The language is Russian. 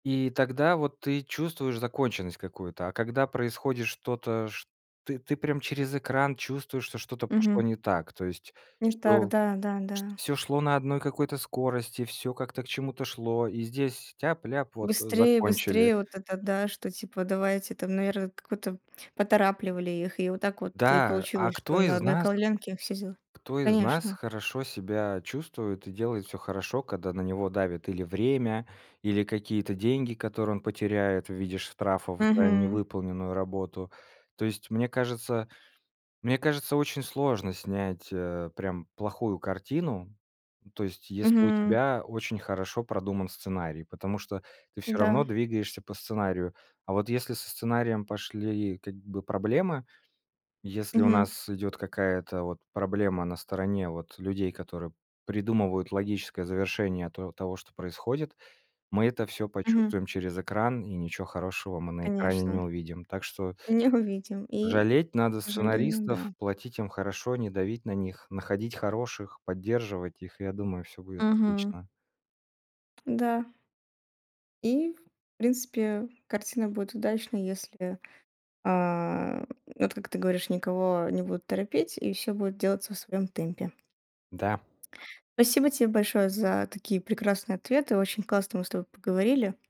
И тогда вот ты чувствуешь законченность какую-то, а когда происходит что-то, шт ты прям через экран чувствуешь, что что-то пошло Мгм. не так, то есть Не так, что да, да, шт да. всё шло на одной какой-то скорости, всё как-то к чему-то шло, и здесь тяп-ляп, вот Быстрее, закончили. быстрее вот это да, что типа давайте там, наверное, как будто поторапливали их и вот так вот и Да, а получилось, что кто на из одной нас ковленке и все дела. Кто из нас Конечно. хорошо себя чувствует и делает всё хорошо, когда на него давит или время, или какие-то деньги, которые он потеряет в виде штрафов за Мгм. невыполненную работу. То есть, мне кажется мне кажется очень сложно снять, э, прям плохую картину, ну то есть, если у Мгм. тебя очень хорошо продуман сценарий. Потому что ты всё Да. равно двигаешься по сценарию. А вот если со сценарием пошли как бы проблемы, если у Мгм. нас идет какая-то вот проблема на стороне вот людей, которые придумывают логическое завершение то того что происходит, мы это всё Мгм. почувствуем через экран, и ничего хорошего мы на экране не Конечно. увидим. Так что Не увидим и, Жалеть надо к сожалению, сценаристов, да. платить им хорошо, не давить на них, находить хороших, поддерживать их. И я думаю, всё будет Мгм. отлично. Да. И, в принципе, картина будет удачной, если, а, вот как ты говоришь, никого не будут торопить и всё будет делаться в своём темпе. Да. Спасибо тебе большое за такие прекрасные ответы, очень классно мы с тобой поговорили.